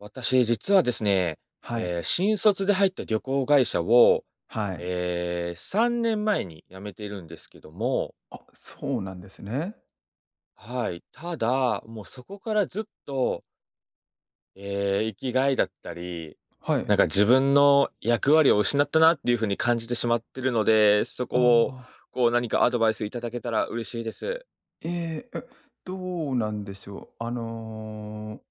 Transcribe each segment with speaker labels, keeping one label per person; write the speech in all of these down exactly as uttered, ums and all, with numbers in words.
Speaker 1: 私、実はですね、
Speaker 2: はい。
Speaker 1: え、新卒で入った旅行会社を、
Speaker 2: はい。
Speaker 1: え、さんねんまえに辞めてるんですけども
Speaker 2: あ、そうなんですね。
Speaker 1: はい、ただ、もう、そこからずっとえ、生きがいだったり、
Speaker 2: はい。
Speaker 1: なんか、自分の役割を失ったなっていう風に感じてしまってるので、そ
Speaker 2: あ
Speaker 1: こを
Speaker 2: あ。
Speaker 1: こう、何かアドバイスいただけたら嬉しいです。
Speaker 2: ええ、え、どうなんでしょう、あの、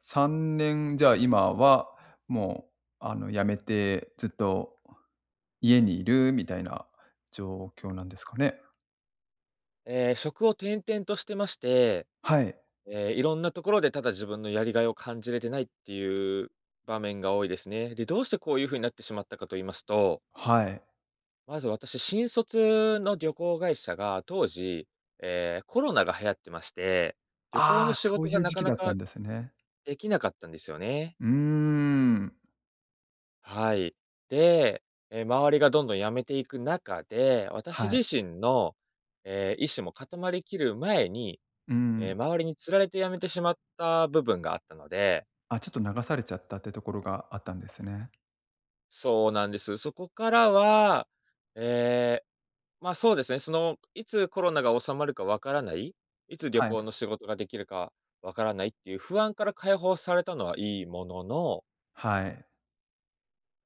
Speaker 2: さんねん、じゃあ、今はもう、あの、辞めてずっと家にいるみたいな状況なんですかね？
Speaker 1: え、職を転々としてまして、
Speaker 2: はい。
Speaker 1: え、いろんなところでただ、自分のやりがいを感じれてないっていう場面が多いですね。で、どうしてこういう風になってしまったかと言いますと
Speaker 2: はい。
Speaker 1: まず私、新卒の旅行会社が、当時、え、コロナが流行ってまして、旅行の
Speaker 2: ああ、
Speaker 1: 仕
Speaker 2: そ
Speaker 1: 事
Speaker 2: うい
Speaker 1: が
Speaker 2: う
Speaker 1: な
Speaker 2: 時
Speaker 1: か
Speaker 2: 期
Speaker 1: な
Speaker 2: だった
Speaker 1: か、
Speaker 2: んですね。
Speaker 1: できなかったんですよね。
Speaker 2: うーん。
Speaker 1: はい。で、え、周りがどんどん辞めていく中で、私
Speaker 2: は
Speaker 1: 自
Speaker 2: い。
Speaker 1: 身の、え、意思も固まり切る前に、
Speaker 2: うー
Speaker 1: え、
Speaker 2: ん。
Speaker 1: 周りに釣られて辞めてしまった部分があったので
Speaker 2: あ、ちょっと、流されちゃったっていうところがあったんですね。
Speaker 1: そうなんです。そこからは、ええ、ま、そうですね、その、いつコロナが収まるか分からない、いつ旅
Speaker 2: はい。
Speaker 1: 行の仕事ができるか分からないっていう不安から解放されたのはいいものの
Speaker 2: はい。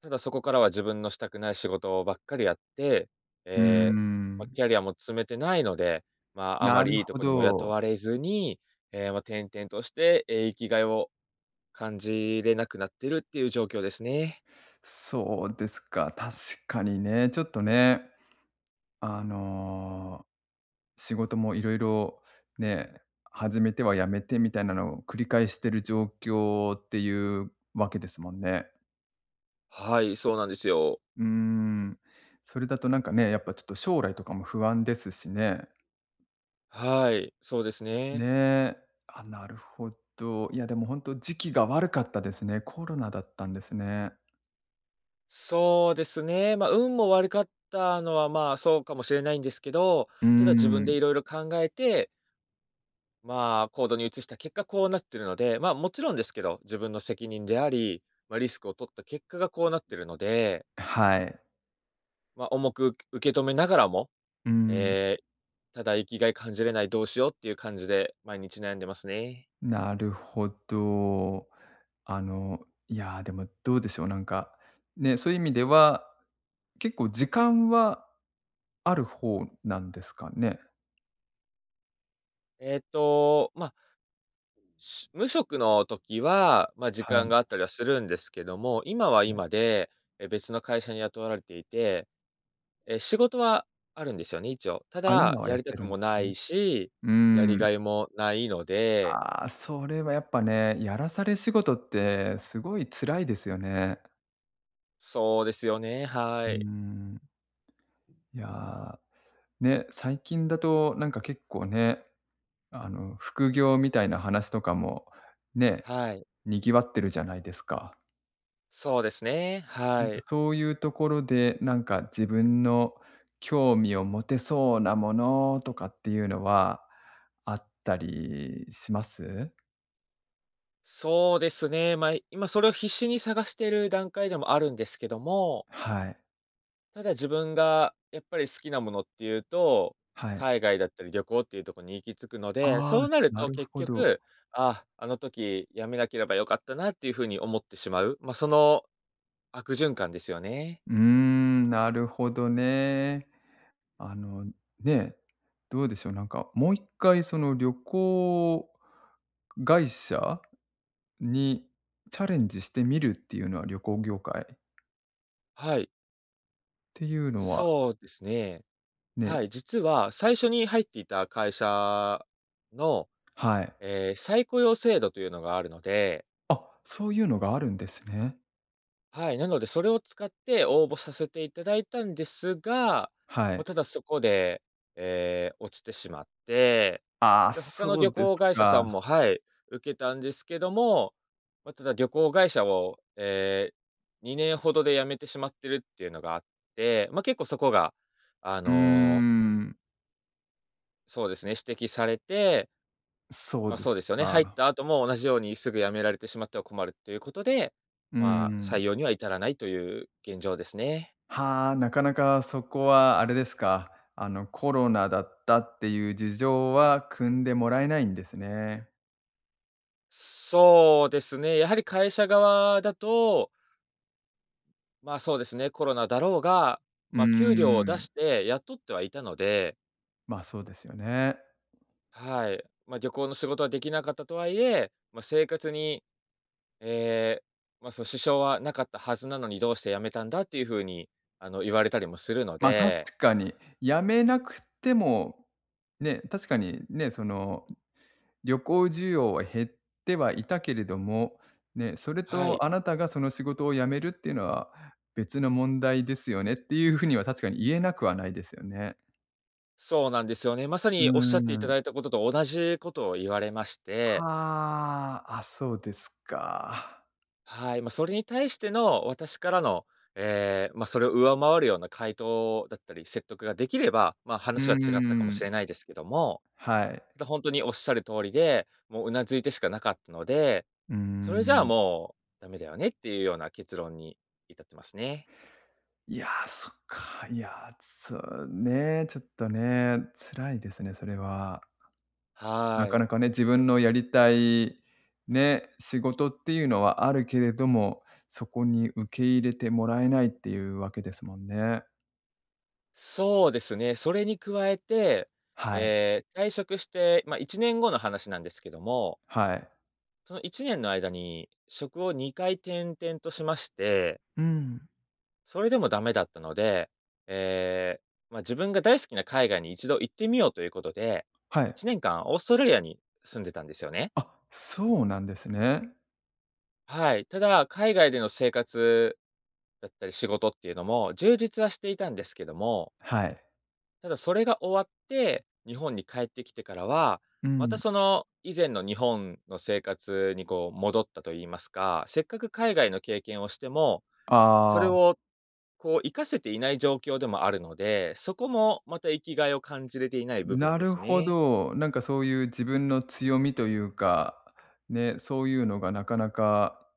Speaker 1: ただ、そこからは自分のしたくない仕事ばっかりやって、
Speaker 2: うー
Speaker 1: ええ、まあ、
Speaker 2: ん。
Speaker 1: キャリアも積めてないので、まあ、あま
Speaker 2: なる
Speaker 1: りいいと
Speaker 2: ほ
Speaker 1: こにも雇
Speaker 2: ど。
Speaker 1: われずに、ええ、まあ、転々としてえ、生きがいを感じれなくなってるっていう状況ですね。
Speaker 2: そうですか。確かにね、ちょっとね。あの、仕事も色々ね、始めては辞めてみたいなのを繰り返している状況っていうわけですもんね。
Speaker 1: はい、そうなんですよ。
Speaker 2: うーん、それだとなんかね、やっぱちょっと将来とかも不安ですしね。
Speaker 1: はい、そうですね。
Speaker 2: ね。あ、なるほど。いや、でも本当時期が悪かったですね。コロナだったんですね。
Speaker 1: そうですね、まあ、運も悪かったのは、まあ、そうかもしれないんですけど、
Speaker 2: う
Speaker 1: ただ自分で
Speaker 2: ん。
Speaker 1: いろいろ考えてま、行動に移した結果こうなってるので、ま、もちろんですけど、自分の責任であり、ま、リスクを取った結果がこうなってるので。
Speaker 2: え、はい。
Speaker 1: ま、重く受け止めながらも、
Speaker 2: うん。
Speaker 1: え、ただ生き甲斐感じれないどうしようっていう感じで、毎日悩んでますね。
Speaker 2: なるほど。あの、いや、でもどうでしょう、なんかね、そういう意味では、結構時間はある方なんですかね？
Speaker 1: えっと、まし無職の時は、ま、時
Speaker 2: は
Speaker 1: 間
Speaker 2: い。
Speaker 1: があったりはするんですけども、今は
Speaker 2: [unintelligible]
Speaker 1: 今で、え、別の会社に雇わられていて、え、仕事はあるんですよね、一応。た
Speaker 2: あ、
Speaker 1: だ
Speaker 2: 今は
Speaker 1: や
Speaker 2: やっ
Speaker 1: りた
Speaker 2: て
Speaker 1: く
Speaker 2: るん
Speaker 1: も
Speaker 2: です
Speaker 1: な
Speaker 2: ね。
Speaker 1: いし、
Speaker 2: う
Speaker 1: やり甲
Speaker 2: ん。
Speaker 1: 斐もないので。
Speaker 2: あ、それはやっぱね、やらされ仕事ってすごい辛いですよね。
Speaker 1: そうですよね、は
Speaker 2: うー
Speaker 1: い。
Speaker 2: ん。いや、ね、最近だと、なんか結構ね、あの、副業みたいな話とかも、ね、
Speaker 1: はい。
Speaker 2: 賑わってるじゃないですか。
Speaker 1: そうですね、
Speaker 2: な
Speaker 1: は
Speaker 2: んか、
Speaker 1: い。
Speaker 2: そういうところで、なんか、自分の興味を持てそうなものとかっていうのはあったりします？
Speaker 1: そうですね、ま、今それを必死に探してる段階でもあるんですけども
Speaker 2: はい。
Speaker 1: ただ、自分がやっぱり好きなものっていうと、
Speaker 2: はい。
Speaker 1: 海外だったり旅行っていうとこに行き着くので、
Speaker 2: ああ、
Speaker 1: そうなる
Speaker 2: な
Speaker 1: と
Speaker 2: る
Speaker 1: 結
Speaker 2: ほど。
Speaker 1: 局「ああ、あの時辞めなければ良かったな」っていう風に思ってしまう、ま、その、悪循環ですよね。
Speaker 2: うーん、なるほどね。あの、ね、どうでしょう、なんか、もう一回、その、旅行会社にチャレンジしてみるっていうのは、旅行業界
Speaker 1: はい。
Speaker 2: ていうのは。
Speaker 1: そうですね。
Speaker 2: ね、
Speaker 1: は
Speaker 2: う。
Speaker 1: い、実は最初に入っていた会社の、
Speaker 2: はい。
Speaker 1: え、再雇用制度というのがあるので。
Speaker 2: あ、そういうのがあるんですね。
Speaker 1: はい、なのでそれを使って応募させていただいたんですが、
Speaker 2: は
Speaker 1: ま、
Speaker 2: い。
Speaker 1: ただそこで、え、落ちてしまって、
Speaker 2: ああ、
Speaker 1: で、他の
Speaker 2: そう
Speaker 1: 旅
Speaker 2: です
Speaker 1: 行会社さ
Speaker 2: か。
Speaker 1: んもはい、受けたんですけども、ま、ただ旅行会社をええ、にねんほどで辞めてしまってるっていうのがあって、ま、結構そこがあ
Speaker 2: うー
Speaker 1: の
Speaker 2: ん。
Speaker 1: そうですね、指摘されて
Speaker 2: うそう
Speaker 1: まあ、
Speaker 2: で
Speaker 1: そう
Speaker 2: す
Speaker 1: ですよね、入っ
Speaker 2: か。
Speaker 1: た後も同じようにすぐ辞められてしまっては困るっていうことで、
Speaker 2: うー
Speaker 1: まあ、採
Speaker 2: ん。
Speaker 1: 用には至らないという現状ですね。
Speaker 2: はあ、なかなかそこはあれですか、あのコロナだったっていう事情は汲んでもらえないんですね。
Speaker 1: そうですね、やはり会社側だとまあ、そうですね、コロナだろうが、
Speaker 2: うー
Speaker 1: ま、給料を出
Speaker 2: ん。
Speaker 1: して雇ってはいたので
Speaker 2: ま、そうですよね。
Speaker 1: はい、ま、旅行の仕事は出来なかったとはいえ、ま、生活に、え、ま、その支障はなかったはずなのに、どうして辞めたんだっていう風に、あの言われたりもするの
Speaker 2: ま、
Speaker 1: で。
Speaker 2: 確かに。辞めなくても、ね。確かにね、その旅行需要は減ってはいたけれども、ね、「それ
Speaker 1: はい。
Speaker 2: とあなたがその仕事を辞めるっていうのは、別の問題ですよね」っていうふうには、確かに言えなくはないですよね。
Speaker 1: そうなんですよね。まさ
Speaker 2: うう
Speaker 1: におっしゃっていた
Speaker 2: ーん。
Speaker 1: だいた事と、同じ事を言われまして。
Speaker 2: はあ、あ、そうですか。
Speaker 1: はい、ま、それに対しての私からの、え、ま、それを上回るような回答だったり、説得ができれば、ま、
Speaker 2: うー
Speaker 1: 話は違ったかもし
Speaker 2: ん。
Speaker 1: れないですけども、
Speaker 2: はい。
Speaker 1: と、本当におっしゃる通りで、もう頷いてしかなかったので、
Speaker 2: うー
Speaker 1: それじゃあ
Speaker 2: ん。
Speaker 1: もう、駄目だよねっていうような結論に至ってますね。
Speaker 2: いや、そっか。いや、そうね、ちょっとね、辛いですね、それは。な
Speaker 1: は
Speaker 2: か
Speaker 1: い。
Speaker 2: なかね、自分のやりたい、ね、仕事っていうのはあるけれども、そこに受け入れてもらえないっていうわけですもんね。
Speaker 1: そうですね、それに加えて、
Speaker 2: はい。
Speaker 1: ええ、退職して、ま、いちねんごの話なんですけども。
Speaker 2: はい。
Speaker 1: そのいちねんの間に職をにかい転々としまして。
Speaker 2: うん。
Speaker 1: それでも駄目だったので、ええ、まあ、自分が大好きな海外に一度行ってみようということで、
Speaker 2: は
Speaker 1: い
Speaker 2: い。
Speaker 1: ちねんかんオーストラリアに住んでたんですよね。
Speaker 2: あ、そうなんですね。
Speaker 1: はい、ただ、海外での生活だったり仕事っていうのも、充実はしていたんですけども。
Speaker 2: はい。
Speaker 1: ただそれが終わって、日本に帰ってきてからは、
Speaker 2: う
Speaker 1: また
Speaker 2: ん。
Speaker 1: その、以前の日本の生活にこう、戻ったと言いますか、せっかく海外の経験をしても、それ
Speaker 2: ああ。
Speaker 1: を、こう活かせていない状況でもあるので、そこもまた生き甲斐を感じれていない部分
Speaker 2: な
Speaker 1: で
Speaker 2: る
Speaker 1: す
Speaker 2: ほ
Speaker 1: ね。
Speaker 2: ど、なんかそういう自分の強みというか、ね、そういうのがなかなか、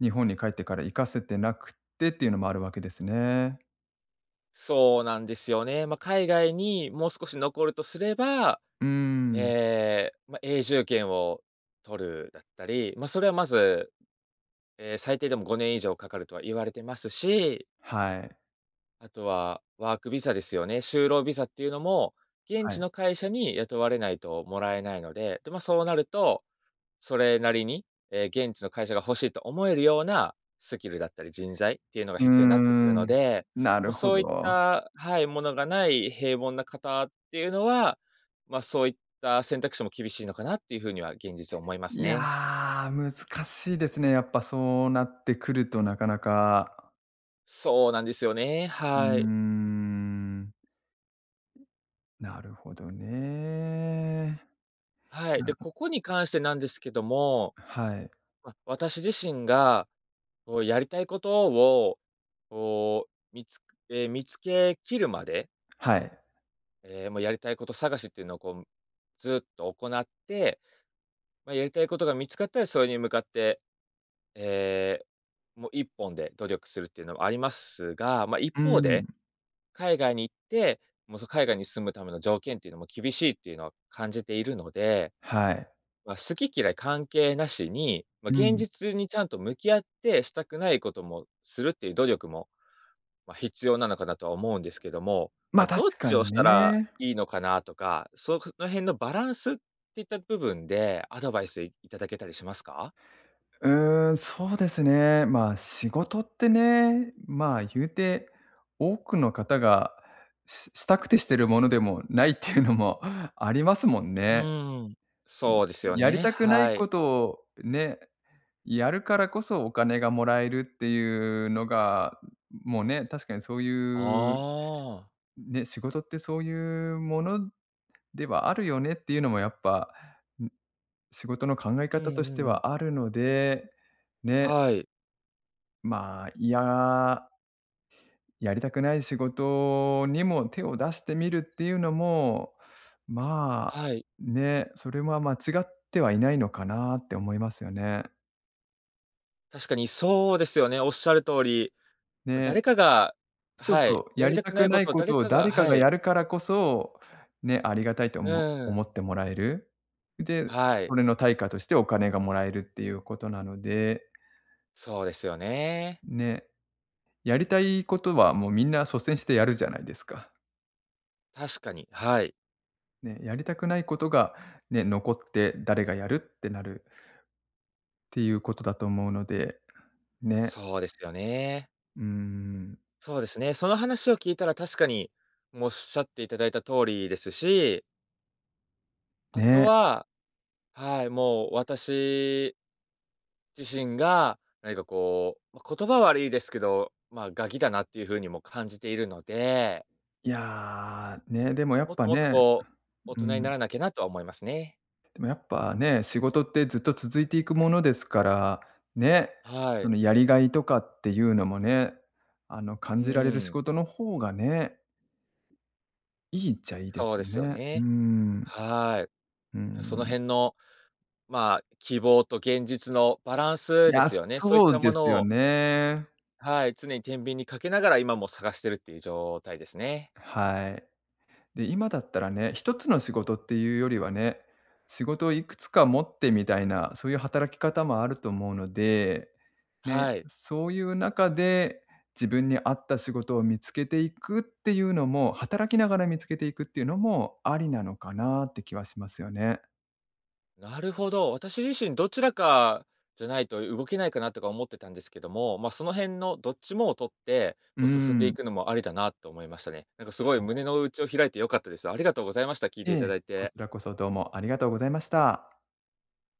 Speaker 2: 日本に帰ってから活かせてなくってっていうのもあるわけですね。
Speaker 1: そうなんですよね。まあ、海外にもう少し残るとすれば、
Speaker 2: うーん。
Speaker 1: ええ、ま、永住権を取るだったり、ま、それはまず、ええ、最低でもごねん以上かかるとは言われてますし
Speaker 2: はい。
Speaker 1: あとは、ワークビザですよね、就労ビザっていうのも、現
Speaker 2: は
Speaker 1: 地
Speaker 2: い。
Speaker 1: の会社に雇われないともらえないので、でま、そうなると、それなりに、え、現地の会社が欲しいと思えるような、スキルだったり人材っていうのが
Speaker 2: うー
Speaker 1: 必要になってくるの
Speaker 2: ん、
Speaker 1: で、
Speaker 2: な
Speaker 1: もう
Speaker 2: るほ
Speaker 1: そういっ
Speaker 2: ど。
Speaker 1: た、はい、ものがない平凡な方っていうのは、まあ、そういった選択肢も厳しいのかなっていうふうには現実は思います
Speaker 2: いや、
Speaker 1: ね。
Speaker 2: 難しいですね、やっぱそうなってくるとなかなか。
Speaker 1: そうなんですよね、
Speaker 2: うー
Speaker 1: はい。
Speaker 2: ん。なるほどね。
Speaker 1: はい、
Speaker 2: う
Speaker 1: で、
Speaker 2: ん。
Speaker 1: ここに関してなんですけども、
Speaker 2: はい。
Speaker 1: まあ、私自身が、こうやりたいことを、おお、みつえ、見つけ切るまで。
Speaker 2: はい。
Speaker 1: ええ、もうやりたいこと探しっていうのをこう、ずっと行って、まあ、やりたいことが見つかったら、それに向かって、え、もういっぽんで努力するっていうのもありますが、まあ、一
Speaker 2: うー
Speaker 1: 方で、
Speaker 2: ん。
Speaker 1: 海外に行って、もうその海外に住むための条件っていうのも厳しいっていうのは感じているので、
Speaker 2: はい。
Speaker 1: まあ、好き嫌い関係なしに、ま、
Speaker 2: う
Speaker 1: 現
Speaker 2: ん。
Speaker 1: 実にちゃんと向き合って、したくないこともするっていう努力も、まあ、必要なのかなとは思うんですけども、ま
Speaker 2: ま、
Speaker 1: あ、どっ
Speaker 2: 確か
Speaker 1: ちを
Speaker 2: に
Speaker 1: したら
Speaker 2: ね。
Speaker 1: いいのかなとか、その辺のバランス、っていった部分で、アドバイスいただけたりしますか？
Speaker 2: うーん、そうですね。ま、仕事ってね、ま、言うて、多くの方がししたくてしてるものでもないっていうのもありますもん
Speaker 1: う
Speaker 2: ね。
Speaker 1: ん、そうです
Speaker 2: ん、
Speaker 1: よ
Speaker 2: やり
Speaker 1: ね、
Speaker 2: たくない
Speaker 1: はい。
Speaker 2: ことを、ね、やるからこそお金がもらえるっていうのが、もうね、確かにそういう。
Speaker 1: ああ。
Speaker 2: ね、仕事ってそういうものではあるよねっていうのもやっぱ、ん、仕事の考え
Speaker 1: う
Speaker 2: 方
Speaker 1: ん
Speaker 2: とし
Speaker 1: う
Speaker 2: て
Speaker 1: んうん。
Speaker 2: はあるので、ね。
Speaker 1: はい。
Speaker 2: まあ、いや。やりたくない仕事にも手を出してみるっていうのも、まあ
Speaker 1: はい。
Speaker 2: ね、それは間違ってはいないのかなって思いますよね。
Speaker 1: 確かにそうですよね、おっしゃる通り、ま、
Speaker 2: ね、
Speaker 1: 誰かが
Speaker 2: そう
Speaker 1: は
Speaker 2: そ
Speaker 1: い。
Speaker 2: う、
Speaker 1: や
Speaker 2: や
Speaker 1: り
Speaker 2: り
Speaker 1: たく
Speaker 2: た
Speaker 1: な
Speaker 2: く
Speaker 1: いこ
Speaker 2: ない
Speaker 1: とを
Speaker 2: こ
Speaker 1: 誰
Speaker 2: とを
Speaker 1: かが
Speaker 2: 誰か
Speaker 1: は
Speaker 2: が
Speaker 1: い。
Speaker 2: やるからこそ、ね、ありがたいとおも
Speaker 1: う
Speaker 2: 思
Speaker 1: ん。
Speaker 2: ってもらえる。で、
Speaker 1: はい。
Speaker 2: それの対価としてお金がもらえるっていうことなので。
Speaker 1: そうですよね。
Speaker 2: ね。やりたいことはもうみんな率先してやるじゃないですか。
Speaker 1: 確かに、はい。
Speaker 2: ね、やりたくないことが、ね、残って誰がやるってなる。ていうことだと思うので、ね。
Speaker 1: そうですよね。
Speaker 2: うん。
Speaker 1: そうですね、その話を聞いたら確かに、も、おっしゃっていただいた通りですし。あと
Speaker 2: ね。
Speaker 1: は、はい、もう私自身が、何かこう、ま、言葉は悪いですけど、ま、ガキだなっていう風にも感じているので。
Speaker 2: いや、ね、でもや
Speaker 1: も
Speaker 2: っ
Speaker 1: っ
Speaker 2: ぱ
Speaker 1: ともっと、
Speaker 2: ね、
Speaker 1: こう、大
Speaker 2: う
Speaker 1: 人にな
Speaker 2: ん。
Speaker 1: らなきゃなとは思いますね。
Speaker 2: でもやっぱね、仕事ってずっと続いていくものですから、ね、
Speaker 1: は
Speaker 2: そ
Speaker 1: い。
Speaker 2: のやり甲斐とかっていうのもね、あの、
Speaker 1: う
Speaker 2: 感じられる仕
Speaker 1: ーん。
Speaker 2: 事の方がねいいっちゃいいです
Speaker 1: そうで
Speaker 2: よ
Speaker 1: すよ
Speaker 2: ね。うー
Speaker 1: ね。
Speaker 2: ん。
Speaker 1: はい。
Speaker 2: うー
Speaker 1: ま、その
Speaker 2: ん。
Speaker 1: 辺の、まあ、希望と現実のバラン
Speaker 2: い
Speaker 1: スで
Speaker 2: や、
Speaker 1: すよね、そういっ
Speaker 2: そ
Speaker 1: た
Speaker 2: う
Speaker 1: も
Speaker 2: で
Speaker 1: の
Speaker 2: すよ
Speaker 1: を
Speaker 2: ね。
Speaker 1: はい、常に天秤にかけながら今も探してるっていう状態ですね。
Speaker 2: はい。で、今だったらね、ひとつの仕事っていうよりはね、仕事をいくつか持ってみたいな、そういう働き方もあると思うので、ね、
Speaker 1: はい。
Speaker 2: そういう中で、自分に合った仕事を見つけていくっていうのも、働きながら見つけていくっていうのも、ありなのかなって気はしますよね。
Speaker 1: なるほど、私自身どちらかじゃないと、動けないかなとか思ってたんですけども、まあ、その辺のどっちもを取って、
Speaker 2: うー
Speaker 1: こう進んでい
Speaker 2: ん。
Speaker 1: くのもありだなと思いましたね。なんかす
Speaker 2: は
Speaker 1: ごい
Speaker 2: い。
Speaker 1: 胸の内を開いて良かったです。ありがとうございました。聞い
Speaker 2: い
Speaker 1: ていた
Speaker 2: え、
Speaker 1: だい
Speaker 2: こち
Speaker 1: て。
Speaker 2: らこそどうもありがとうございました。